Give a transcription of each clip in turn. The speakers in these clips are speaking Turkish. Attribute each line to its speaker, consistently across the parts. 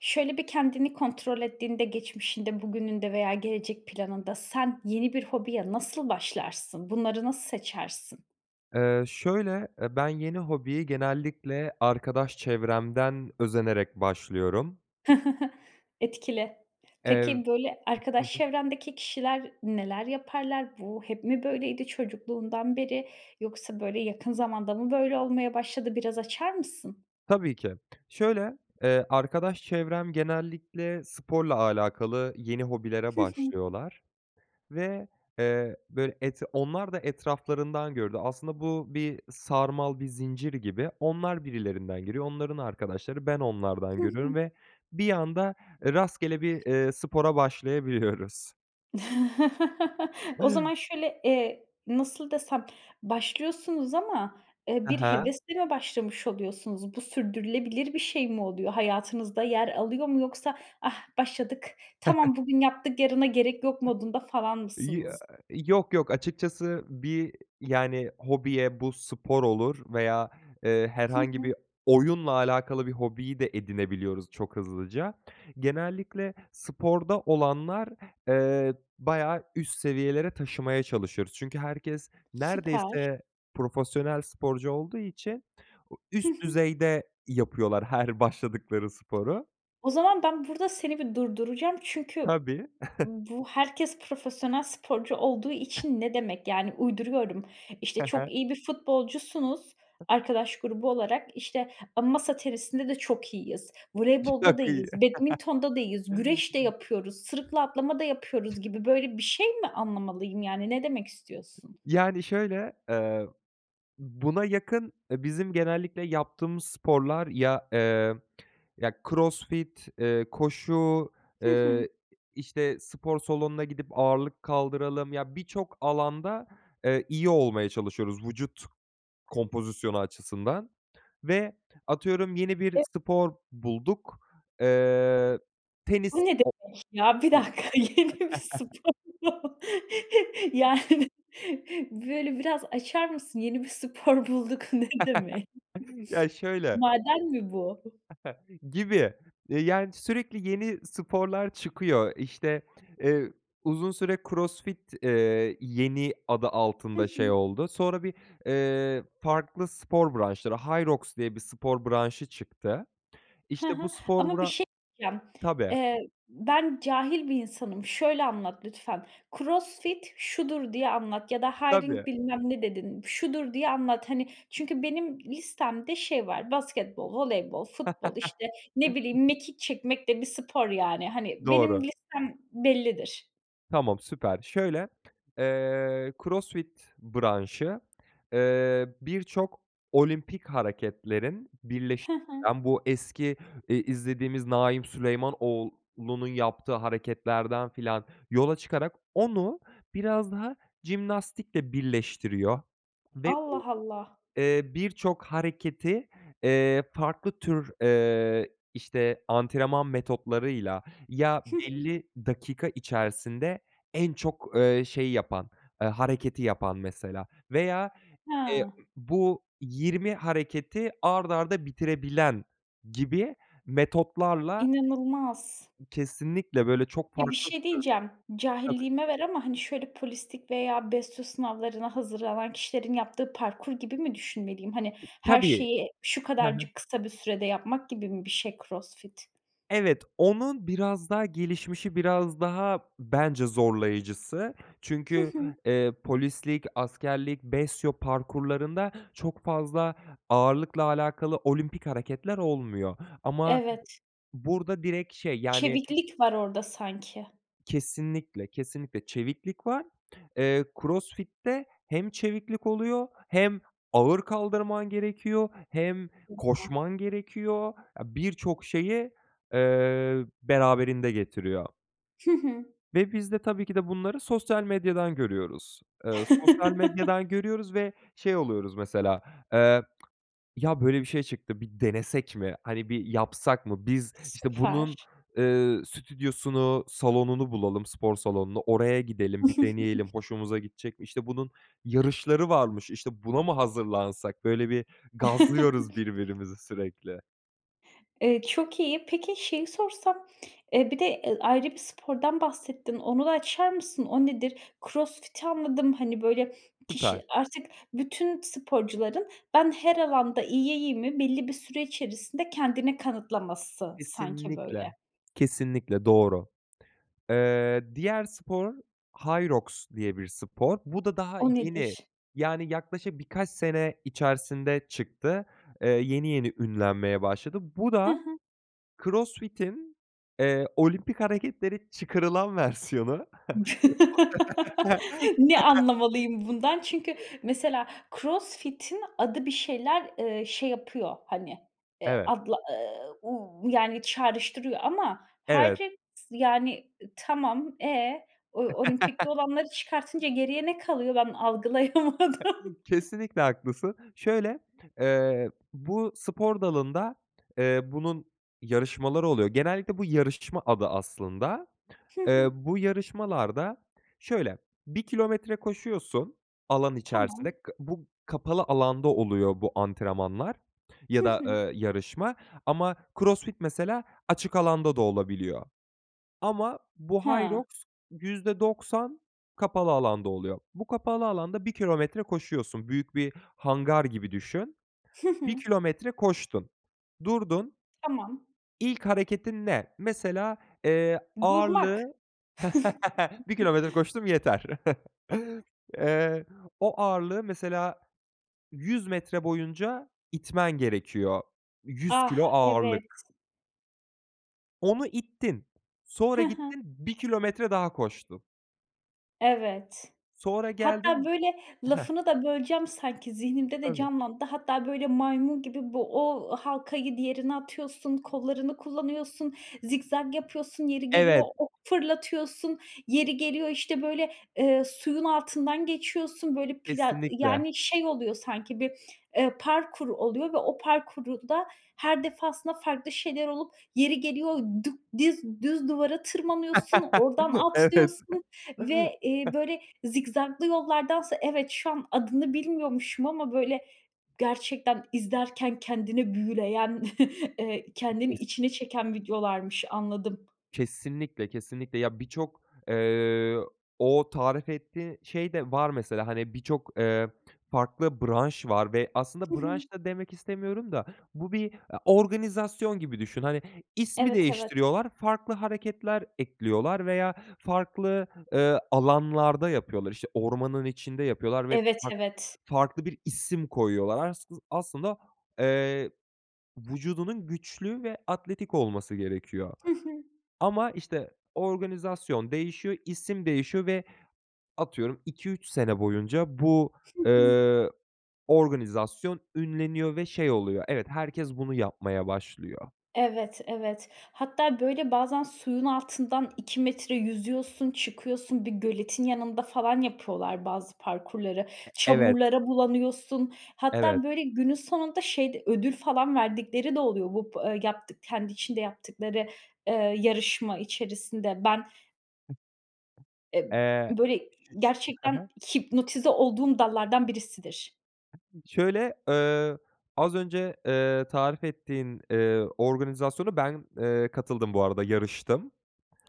Speaker 1: Şöyle bir kendini kontrol ettiğinde geçmişinde, bugününde veya gelecek planında sen, yeni bir hobiye nasıl başlarsın? Bunları nasıl seçersin?
Speaker 2: Eee, şöyle, eee, ben, yeni hobiyi genellikle arkadaş çevremden özenerek başlıyorum.
Speaker 1: Etkili.
Speaker 2: Ev
Speaker 1: Peki, böyle
Speaker 2: Hı
Speaker 1: arkadaş
Speaker 2: hı.
Speaker 1: çevrendeki kişiler neler yaparlar? Bu, hep mi böyleydi çocukluğundan beri, yoksa böyle yakın zamanda mı böyle olmaya başladı, biraz açar mısın?
Speaker 2: Tabii ki. Şöyle, eee, arkadaş çevrem genellikle sporla alakalı yeni hobilere
Speaker 1: Hı hı.
Speaker 2: başlıyorlar ve, eee, böyle, et onlar da etraflarından gördü. Aslında bu bir sarmal, bir zincir gibi. Onlar birilerinden görüyor, onların arkadaşları, ben onlardan
Speaker 1: Hı
Speaker 2: görüyorum
Speaker 1: hı.
Speaker 2: ve bir anda, eee, rastgele bir, eee, spora başlayabiliyoruz.
Speaker 1: O zaman şöyle, eee, nasıl desem, başlıyorsunuz ama, eee,
Speaker 2: Hı
Speaker 1: bir
Speaker 2: hı.
Speaker 1: hevesle mi başlamış oluyorsunuz? Bu, sürdürülebilir bir şey mi oluyor? Hayatınızda yer alıyor mu, yoksa, "Ah başladık, tamam bugün yaptık yarına gerek yok."
Speaker 2: [unintelligible]
Speaker 1: modunda falan
Speaker 2: Ya
Speaker 1: mısınız?
Speaker 2: Yok. yok. Açıkçası bir, yani, hobiye bu spor olur veya eee
Speaker 1: Hı
Speaker 2: herhangi
Speaker 1: hı.
Speaker 2: bir oyunla alakalı bir hobiyi de edinebiliyoruz çok hızlıca. Genellikle sporda olanlar eee bayağı üst seviyelere taşımaya çalışıyoruz. Çünkü herkes
Speaker 1: Süper.
Speaker 2: neredeyse profesyonel sporcu olduğu için
Speaker 1: Hı
Speaker 2: üst
Speaker 1: hı.
Speaker 2: düzeyde yapıyorlar her başladıkları sporu.
Speaker 1: O zaman ben, burada seni bir durduracağım. Çünkü
Speaker 2: Tabii.
Speaker 1: bu "Herkes profesyonel sporcu olduğu için..." ne demek? Yani, uyduruyorum: İşte,
Speaker 2: Hı hı.
Speaker 1: çok iyi bir futbolcusunuz, arkadaş grubu olarak. İşte, ama "Masa tenisinde de çok iyiyiz. Voleybolda da
Speaker 2: Çok iyi.
Speaker 1: iyiyiz. Badminton'da da iyiyiz. Güreş de yapıyoruz. Sırıkla atlama da yapıyoruz." gibi, böyle bir şey mi anlamalıyım yani? Ne demek istiyorsun?
Speaker 2: Yani, şöyle, eee, buna yakın, eee, bizim genellikle yaptığımız sporlar ya, eee, ya, CrossFit eee, koşu,
Speaker 1: Hı hı.
Speaker 2: eee, işte, spor salonuna gidip ağırlık kaldıralım. Ya, birçok alanda, eee, iyi olmaya çalışıyoruz. Vücut kompozisyonu açısından ve atıyorum yeni bir
Speaker 1: E
Speaker 2: spor bulduk, eee,
Speaker 1: O
Speaker 2: tenis
Speaker 1: ne
Speaker 2: o
Speaker 1: demek ya? 1
Speaker 2: [unintelligible]
Speaker 1: dakika, yeni bir spor mu? Yani, böyle, biraz açar mısın? Yeni bir spor bulduk. Ne demek?
Speaker 2: Ya, şöyle
Speaker 1: Maden mi bu?
Speaker 2: Gibi. Eee, yani sürekli yeni sporlar çıkıyor. İşte, eee, uzun süre CrossFit eee, yeni adı
Speaker 1: Hı
Speaker 2: altında şey
Speaker 1: hı.
Speaker 2: oldu. Sonra bir, eee, farklı spor branşları, Hyrox diye bir spor branşı çıktı.
Speaker 1: Hı
Speaker 2: İşte, bu
Speaker 1: hı.
Speaker 2: spor
Speaker 1: Ama bir
Speaker 2: bıra
Speaker 1: şey diyeceğim.
Speaker 2: Tabii.
Speaker 1: Eee, ben, cahil bir insanım. Şöyle anlat lütfen. "CrossFit şudur." diye anlat ya da
Speaker 2: Tabii.
Speaker 1: hiring bilmem ne dedin. Şudur diye anlat, hani, çünkü benim listemde şey var; basketbol, voleybol, futbol işte ne bileyim, mekik çekmek de bir spor yani, hani, benim
Speaker 2: Doğru.
Speaker 1: listem bellidir.
Speaker 2: Tamam, süper! Şöyle, eee, CrossFit branşı, eee, birçok olimpik hareketlerin birleş
Speaker 1: Hı hı.
Speaker 2: den bu eski, eee, izlediğimiz Naim Süleymanoğlu'nun yaptığı hareketlerden filan yola çıkarak onu biraz daha jimnastikle birleştiriyor. Ve
Speaker 1: Allah,
Speaker 2: [unintelligible]
Speaker 1: Allah!
Speaker 2: eee, birçok hareketi, eee, farklı tür, eee, işte, antrenman metotlarıyla ya
Speaker 1: Hı hı.
Speaker 2: belli dakika içerisinde en çok, eee, şeyi yapan, eee, hareketi yapan mesela. Veya, eee,
Speaker 1: Ha.
Speaker 2: ımm, bu 20 hareketi art arda bitirebilen gibi metotlarla
Speaker 1: İnanılmaz!
Speaker 2: Kesinlikle, böyle, çok
Speaker 1: Ya, bir
Speaker 2: farklı bir
Speaker 1: şey
Speaker 2: tür.
Speaker 1: diyeceğim.
Speaker 2: Tabii.
Speaker 1: Cahilliğime ver ama, hani, şöyle polislik veya BESYO sınavlarına hazırlanan kişilerin yaptığı parkur gibi mi düşünmeliyim? Hani, her
Speaker 2: Tabii.
Speaker 1: şeyi şu
Speaker 2: Ha ha.
Speaker 1: kadarcık kısa bir sürede yapmak gibi mi bir şey CrossFit?
Speaker 2: Evet, onun biraz daha gelişmişi, biraz daha bence zorlayıcısı
Speaker 1: Hı
Speaker 2: çünkü,
Speaker 1: hı.
Speaker 2: eee, polislik, askerlik, BESYO parkurlarında çok fazla ağırlıkla alakalı olimpik hareketler olmuyor. Ama
Speaker 1: Evet.
Speaker 2: burada direkt şey, yani
Speaker 1: Çeviklik var orada sanki.
Speaker 2: Kesinlikle, kesinlikle. Çeviklik var, eee, CrossFit'te hem çeviklik oluyor, hem ağır kaldırman gerekiyor, hem
Speaker 1: [unintelligible]
Speaker 2: koşman gerekiyor. A birçok şeyi, eee, beraberinde getiriyor.
Speaker 1: Hı hı.
Speaker 2: Ve biz de tabii ki de bunları sosyal medyadan görüyoruz. Eee, sosyal medyadan görüyoruz ve şey oluyoruz mesela. Eee, ya, böyle bir şey çıktı, bir denesek mi? Hani, bir yapsak mı? Biz, işte bunun,
Speaker 1: Süper.
Speaker 2: eee, stüdyosunu, salonunu bulalım, spor salonunu oraya gidelim, bir deneyelim, hoşumuza gidecek mi? İşte, bunun yarışları varmış, işte, buna mı hazırlansak, böyle, bir gazlıyoruz birbirimizi sürekli.
Speaker 1: Eee, çok iyi. Peki, şeyi sorsam, eee, bir de, eee, ayrı bir spordan bahsettin. Onu açar mısın? O nedir? Crossfit'i anladım. Hani, böyle,
Speaker 2: Süper.
Speaker 1: kişi artık bütün sporcuların "Ben her alanda iyiyim."i, belli bir süre içerisinde kendini kanıtlaması sanki böyle.
Speaker 2: Kesinlikle. Kesinlikle, doğru. Eee, diğer spor, Hyrox diye bir spor. Bu da daha
Speaker 1: O
Speaker 2: yeni.
Speaker 1: nedir?
Speaker 2: Yani, yaklaşık birkaç sene içerisinde çıktı. Eee, yeni yeni ünlenmeye başladı. Bu
Speaker 1: Hı
Speaker 2: da
Speaker 1: hı.
Speaker 2: CrossFit'in eee, olimpik hareketleri çıkarılan versiyonu.
Speaker 1: Ne anlamalıyım bundan? Çünkü
Speaker 2: [unintelligible]
Speaker 1: mesela Crossfit'in adı bir şeyler, eee, şey yapıyor, hani, eee,
Speaker 2: Evet.
Speaker 1: adla, ııı, uuu, yani, çağrıştırıyor ama
Speaker 2: Evet.
Speaker 1: Hyrox yani, eee, tamam. E? O olimpikte olanları çıkartınca geriye ne kalıyor ben algılayamadım?
Speaker 2: Kesinlikle, haklısın. Şöyle, eee, bu, spor dalında, eee, bunun yarışmaları oluyor. Genellikle bu yarışma adı aslında.
Speaker 1: Hı
Speaker 2: Eee,
Speaker 1: hı.
Speaker 2: bu yarışmalarda şöyle, 1 kilometre koşuyorsun alan
Speaker 1: Tamam.
Speaker 2: içerisinde. Ka bu kapalı alanda oluyor bu antrenmanlar ya
Speaker 1: Hı
Speaker 2: da,
Speaker 1: hı.
Speaker 2: eee, yarışma. Ama CrossFit mesela açık alanda da olabiliyor. Ama bu,
Speaker 1: Hıı.
Speaker 2: Hyrox %90 kapalı alanda oluyor. Bu kapalı alanda 1 kilometre koşuyorsun, büyük bir hangar gibi düşün.
Speaker 1: Hı hı.
Speaker 2: 1 kilometre koştun, durdun.
Speaker 1: Tamam.
Speaker 2: İlk hareketin ne? Mesela, eee, ağırlığı
Speaker 1: Durmak.
Speaker 2: 1 kilometre koştum, yeter. Eee, o ağırlığı mesela 100 metre boyunca itmen gerekiyor. 100 kilo
Speaker 1: Ah!
Speaker 2: ağırlık.
Speaker 1: Evet.
Speaker 2: Onu ittin, sonra
Speaker 1: He he.
Speaker 2: gittin, bir kilometre daha koştun.
Speaker 1: Evet.
Speaker 2: Sonra
Speaker 1: Hatta,
Speaker 2: geldin.
Speaker 1: böyle,
Speaker 2: Heh.
Speaker 1: lafını da böleceğim, sanki zihnimde de
Speaker 2: Tabii.
Speaker 1: canlandı. Hatta, böyle, maymun gibi bu, o halkayı diğerine atıyorsun, kollarını kullanıyorsun, zikzak yapıyorsun, yeri geliyor
Speaker 2: Evet.
Speaker 1: ok fırlatıyorsun. Yeri geliyor, işte, böyle, eee, suyun altından geçiyorsun böyle pla
Speaker 2: Kesinlikle.
Speaker 1: yani şey oluyor sanki bir, eee, parkur oluyor ve o parkuru da her defasında farklı şeyler olup yeri geliyor dük diz düz duvara tırmanıyorsun, oradan
Speaker 2: Evet.
Speaker 1: atlıyorsun ve, eee, böyle zikzaklı yollardansa evet şu an adını bilmiyormuşum ama böyle gerçekten izlerken kendini büyüleyen, eee, kendini
Speaker 2: Bittiyse.
Speaker 1: içine çeken videolarmış. Anladım.
Speaker 2: Kesinlikle, kesinlikle. Ya, birçok, eee, o tarif ettiği şey de var mesela. Hani, birçok, eee, farklı branş var ve
Speaker 1: Hı
Speaker 2: aslında
Speaker 1: hı.
Speaker 2: branş da demek istemiyorum da bu bir a organizasyon gibi düşün. Hani, ismi
Speaker 1: Evet, evet.
Speaker 2: değiştiriyorlar, farklı hareketler ekliyorlar veya farklı, eee, alanlarda yapıyorlar. İşte, ormanın içinde yapıyorlar ve
Speaker 1: Evet,
Speaker 2: fark
Speaker 1: evet.
Speaker 2: farklı bir isim koyuyorlar assı aslında, eee, vücudunun güçlü ve atletik olması gerekiyor.
Speaker 1: Hı hı.
Speaker 2: Ama, işte, organizasyon değişiyor, isim değişiyor ve atıyorum, 2-3 sene boyunca bu,
Speaker 1: Hı hı.
Speaker 2: eee, organizasyon ünleniyor ve şey oluyor, evet, herkes bunu yapmaya başlıyor.
Speaker 1: Evet, evet. Hatta, böyle, bazen suyun altından 2 metre yüzüyorsun, çıkıyorsun. Bir göletin yanında falan yapıyorlar bazı parkurları.
Speaker 2: E evet.
Speaker 1: Çamurlara bulanıyorsun.
Speaker 2: Evet.
Speaker 1: Hatta, böyle, günün sonunda şey de, ödül falan verdikleri de oluyor bu bı yaptık kendi içinde yaptıkları, eee, yarışma içerisinde. Ben E
Speaker 2: Eee.
Speaker 1: böyle,
Speaker 2: He
Speaker 1: gerçekten
Speaker 2: he.
Speaker 1: hipnotize olduğum dallardan birisidir.
Speaker 2: Şöyle, eee, az önce, eee, tarif ettiğin, eee, organizasyona ben, eee, katıldım bu arada yarıştım.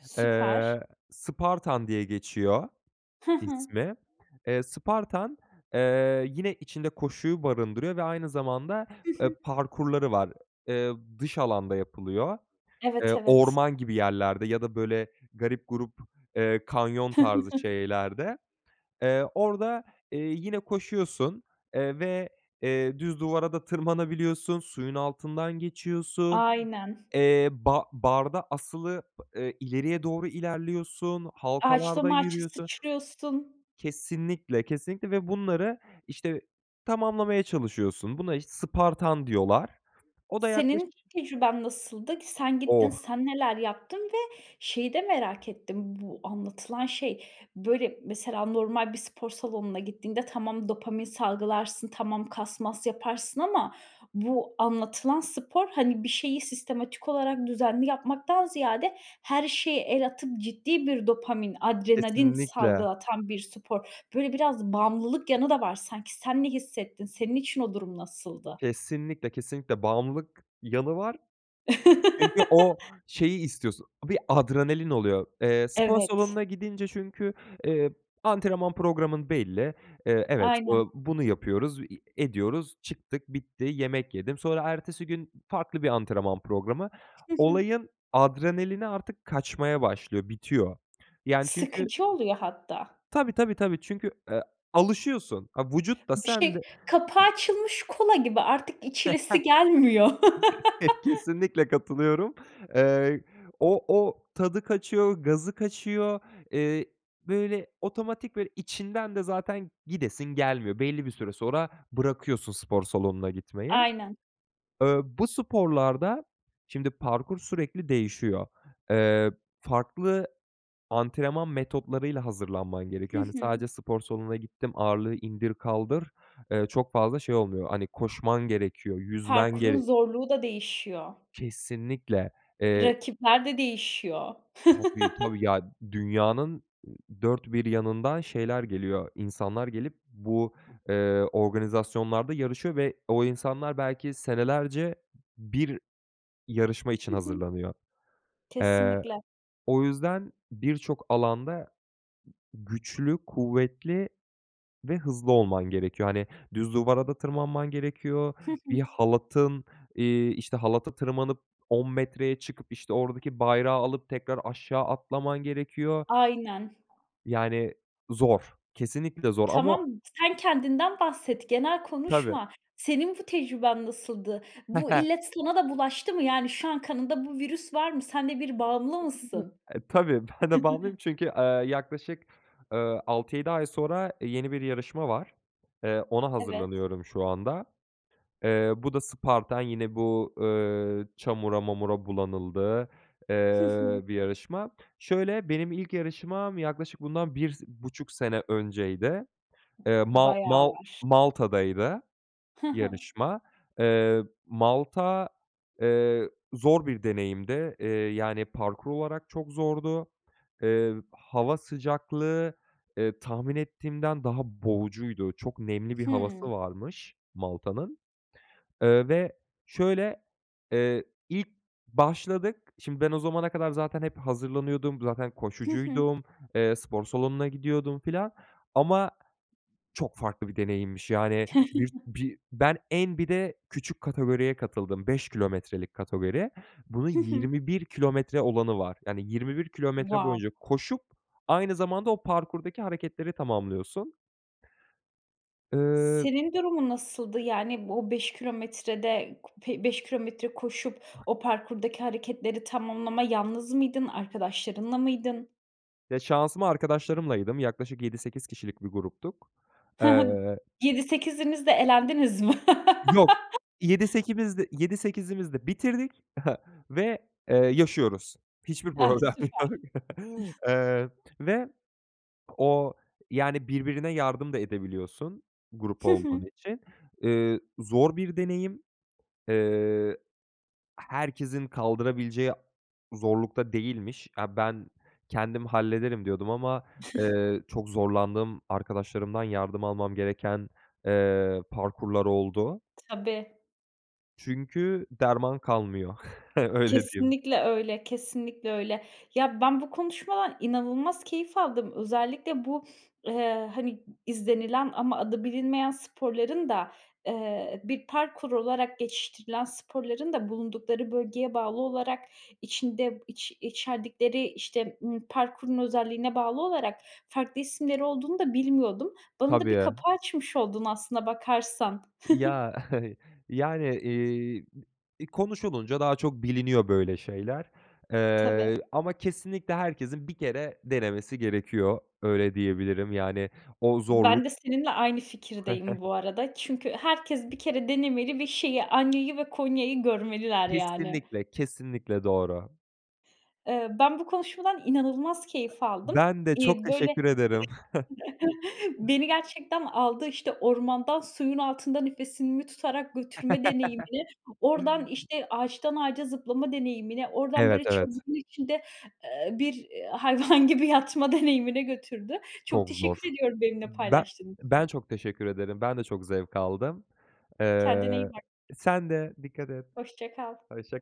Speaker 1: Süper.
Speaker 2: Eee, Spartan diye geçiyor
Speaker 1: Hı hı.
Speaker 2: ismi, eee, Spartan, eee, yine içinde koşuyu barındırıyor ve aynı zamanda,
Speaker 1: Hı
Speaker 2: eee,
Speaker 1: hı.
Speaker 2: parkurları var. Eee, dış alanda yapılıyor.
Speaker 1: Evet,
Speaker 2: Eee,
Speaker 1: evet.
Speaker 2: orman gibi yerlerde ya da, böyle, garip gurup, eee, kanyon tarzı şeylerde. Eee, orada, eee, yine koşuyorsun, eee, ve, eee, düz duvara da tırmanabiliyorsun, suyun altından geçiyorsun,
Speaker 1: Aynen.
Speaker 2: eee, ba barda asılı pı ileriye doğru ilerliyorsun,
Speaker 1: Ağaçtan
Speaker 2: halkalarda
Speaker 1: ağaca
Speaker 2: yürüyorsun.
Speaker 1: sıçrıyorsun.
Speaker 2: Kesinlikle, kesinlikle ve bunları, işte, tamamlamaya çalışıyorsun. Buna, işte, Spartan diyorlar. O da yaklaşık
Speaker 1: Senin tecrüben nasıldı? K sen gittin,
Speaker 2: Oh.
Speaker 1: sen neler yaptın ve şeyi de merak ettim bu anlatılan şey. Böyle, mesela, normal bir spor salonuna gittiğinde tamam dopamin salgılarsın, tamam kas mas yaparsın ama bu anlatılan spor, hani, bir şeyi sistematik olarak düzenli yapmaktan ziyade her şeye el atıp ciddi bir dopamin, adrenalin
Speaker 2: Kesinlikle.
Speaker 1: salgılatan bir spor. Böyle, biraz bağımlılık yanı, da var. Sanki sen ne hissettin? Senin için o durum nasıldı?
Speaker 2: Kesinlikle, kesinlikle bağımlılık yanı var. Çünkü o şeyi istiyorsun, bir adrenalin oluyor. Eee, spor
Speaker 1: Evet.
Speaker 2: salonuna gidince çünkü, eee, antrenman programın belli, eee, evet, eee,
Speaker 1: Aynen.
Speaker 2: bunu yapıyoruz, i ediyoruz, çıktık, bitti, yemek yedim. Sonra ertesi gün farklı bir antrenman programı.
Speaker 1: Hı hı.
Speaker 2: Olayın adrenalini artık kaçmaya başlıyor, bitiyor. Yani, çünkü
Speaker 1: Sıkıcı oluyor hatta.
Speaker 2: Tabii, tabii, tabii, çünkü, eee, alışıyorsun. A vücut da
Speaker 1: Bu
Speaker 2: sen de
Speaker 1: şey, kapağı açılmış kola gibi artık içilesi gelmiyor.
Speaker 2: Kesinlikle katılıyorum. Eee, o o tadı kaçıyor, gazı kaçıyor. Eee, böyle otomatik ve içinden de zaten gidesin gelmiyor. Belli bir süre sonra bırakıyorsun spor salonuna gitmeyi.
Speaker 1: Aynen.
Speaker 2: Eee, bu sporlarda, şimdi, parkur sürekli değişiyor. Eee, farklı antrenman metotlarıyla hazırlanman
Speaker 1: Hı
Speaker 2: gerekiyor. Hani,
Speaker 1: hı.
Speaker 2: sadece spor salonuna gittim, ağırlığı indir kaldır, eee, çok fazla şey olmuyor, hani, koşman gerekiyor, yüzmen
Speaker 1: Parkurun
Speaker 2: gerek
Speaker 1: zorluğu da değişiyor.
Speaker 2: Kesinlikle. Eee
Speaker 1: Rakipler de değişiyor.
Speaker 2: Tabii, tabii. Ya dünyanın ı dört bir yanından şeyler geliyor. İnsanlar gelip bu, eee, organizasyonlarda yarışıyor ve o insanlar belki senelerce 1 yarışma için
Speaker 1: Hı hı.
Speaker 2: hazırlanıyor. Eee,
Speaker 1: Kesinlikle.
Speaker 2: o yüzden birçok alanda güçlü, kuvvetli ve hızlı olman gerekiyor. Hani, düz duvara da tırmanman gerekiyor,
Speaker 1: Hı hı.
Speaker 2: bir halatın eee, işte, halata tırmanıp 10 metreye çıkıp, işte, oradaki bayrağı alıp tekrar aşağı atlaman gerekiyor,
Speaker 1: Aynen.
Speaker 2: yani, zor, kesinlikle zor ama o
Speaker 1: Tamam sen kendinden bahset, genel
Speaker 2: Tabii.
Speaker 1: konuşma. Senin bu tecrüben nasıldı? Bu illet sana da bulaştı mı? Yani şu an kanında bu virüs var mı? Senle bir bağımlı mısın?
Speaker 2: [unintelligible] E, tabii, ben de bağımlıyım çünkü, eee, yaklaşık, eee, 6-7 ay sonra, eee, yeni bir yarışma var. Eee, ona
Speaker 1: Evet.
Speaker 2: hazırlanıyorum şu anda. Eee, bu da Spartan yine bu, eee, çamura mamura bulanıldığı,
Speaker 1: Hı
Speaker 2: eee,
Speaker 1: hı.
Speaker 2: bir yarışma. Şöyle, benim ilk yarışmam yaklaşık bundan bir si buçuk sene önceydi. Eee,
Speaker 1: B
Speaker 2: Ma
Speaker 1: bayağı
Speaker 2: Mal
Speaker 1: var.
Speaker 2: Malta'daydı
Speaker 1: Hı hı.
Speaker 2: yarışma. Eee, Malta, eee, zor bir deneyimdi. Eee, yani, parkur olarak çok zordu. Eee, hava sıcaklığı, eee, tahmin ettiğimden daha boğucuydu. Çok nemli bir havası
Speaker 1: Hıı.
Speaker 2: varmış Malta'nın, eee, ve, şöyle, eee, ilk başladık, şimdi, ben o zamana kadar zaten hep hazırlanıyordum, zaten
Speaker 1: Hı hı.
Speaker 2: koşucuydum, eee, spor salonuna gidiyordum filan, ama çok farklı bir deneyimmiş yani bir bir ben en bir de küçük kategoriye katıldım, 5 kilometrelik kategoriye. Bunun
Speaker 1: Hı hı.
Speaker 2: 21 kilometre olanı var, yani, 21 kilometre
Speaker 1: Wow.
Speaker 2: boyunca koşup, aynı zamanda o parkurdaki hareketleri tamamlıyorsun. Eee
Speaker 1: Senin durumun nasıldı? Yani, o, 5 kilometrede ku be beş kilometre koşup o parkurdaki hareketleri tamamlama, yalnız mıydın? Arkadaşlarınla mıydın?
Speaker 2: Ya, şansıma arkadaşlarımlaydım yaklaşık 7-8 kişilik bir gruptuk.
Speaker 1: He he,
Speaker 2: Eee
Speaker 1: b 7 sekiziniz de elendiniz mi?
Speaker 2: Yok, 7 sekimizde 7 sekizimiz de bitirdik ve, eee, yaşıyoruz. Hiçbir
Speaker 1: Eh,
Speaker 2: problem
Speaker 1: süper.
Speaker 2: yok, eee, ve o, yani, birbirine yardım da edebiliyorsun grup
Speaker 1: Hı
Speaker 2: olduğun
Speaker 1: hı.
Speaker 2: için. Iıı, zor bir deneyim. Eee, eh herkesin kaldırabileceği zorlukta değilmiş. Eee, ben kendim hallederim, diyordum ama, eee, çok zorlandığım arkadaşlarımdan yardım almam gereken, eee, parkurlar oldu.
Speaker 1: Tabii.
Speaker 2: Çünkü derman kalmıyor, öyle diyeyim.
Speaker 1: Kesinlikle öyle, kesinlikle öyle. Ya, ben bu konuşmadan inanılmaz keyif aldım. Özellikle bu, eee, hani, izlenilen ama adı bilinmeyen sporların da, eee, bir parkur olarak geçiştirilen sporların da bulundukları bölgeye bağlı olarak içinde iç içerdikleri, işte, ımm, parkurun özelliğine bağlı olarak farklı isimleri olduğunu da bilmiyordum. Bana
Speaker 2: Tabii,
Speaker 1: da bir kapı
Speaker 2: ya.
Speaker 1: açmış oldun aslına bakarsan. Hı hı.
Speaker 2: Ya, yani, eee, b iii, konuşulunca daha çok biliniyor böyle şeyler.
Speaker 1: Tabii.
Speaker 2: Eee, ama kesinlikle herkesin 1 kere denemesi gerekiyor öyle diyebilirim. Yani o
Speaker 1: Ben
Speaker 2: zorluk
Speaker 1: de seninle aynı
Speaker 2: ı
Speaker 1: fikirdeyim bu arada. Çünkü herkes 1 kere denemeli ve şeyi Hanya'yı ve Konya'yı görmeliler, yani.
Speaker 2: Kesinlikle, kesinlikle doğru.
Speaker 1: Eee, ben bu konuşmadan inanılmaz keyif aldım.
Speaker 2: Ben de çok
Speaker 1: İii,
Speaker 2: teşekkür
Speaker 1: böyle,
Speaker 2: ederim.
Speaker 1: beni gerçekten aldı, işte, ormandan suyun altında nefesimi tutarak götürme deneyimini, oradan, işte, ağaçtan ağaca zıplama deneyimini, oradan,
Speaker 2: Evet,
Speaker 1: böyle,
Speaker 2: evet.
Speaker 1: içinde, eee, bir, eee, hayvan gibi yatma deneyimine götürdü. Çok
Speaker 2: Çok zor.
Speaker 1: teşekkür ediyorum benimle
Speaker 2: Ben
Speaker 1: paylaştığın
Speaker 2: ben
Speaker 1: için.
Speaker 2: çok teşekkür ederim. Ben de çok zevk aldım.
Speaker 1: Kendine
Speaker 2: Eee,
Speaker 1: iyi bak.
Speaker 2: sen de dikkat et.
Speaker 1: Hoşça kal.
Speaker 2: Hoşça